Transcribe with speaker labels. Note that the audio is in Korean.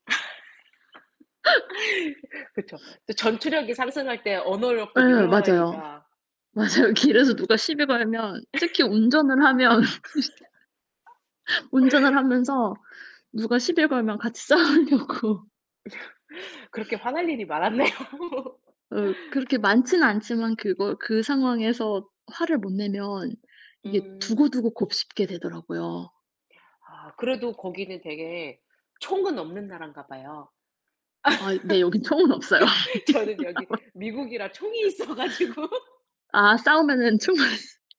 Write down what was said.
Speaker 1: 그쵸. 또 전투력이 상승할 때 언어력도
Speaker 2: 예. 맞아요.
Speaker 1: 늘어나니까.
Speaker 2: 맞아요.
Speaker 1: 음.
Speaker 2: 길에서 누가 시비 걸면 특히 운전을 하면 씻은데 운전을 하면서 누가 시비를 걸면 같이 싸우려고.
Speaker 1: 그렇게 화날 일이 많았네요.
Speaker 2: 음. 그렇게 많진 않지만 그거 그 상황에서 화를 못 내면 이게
Speaker 1: 음.
Speaker 2: 두고두고 곱씹게 되더라고요.
Speaker 1: 아. 그래도 거기는 되게 총은 없는 나라인가 봐요.
Speaker 2: 아이 네. 여기 총은 없어요.
Speaker 1: 저는 여기 미국이라 총이 있어 가지고.
Speaker 2: 아 싸우면은 총만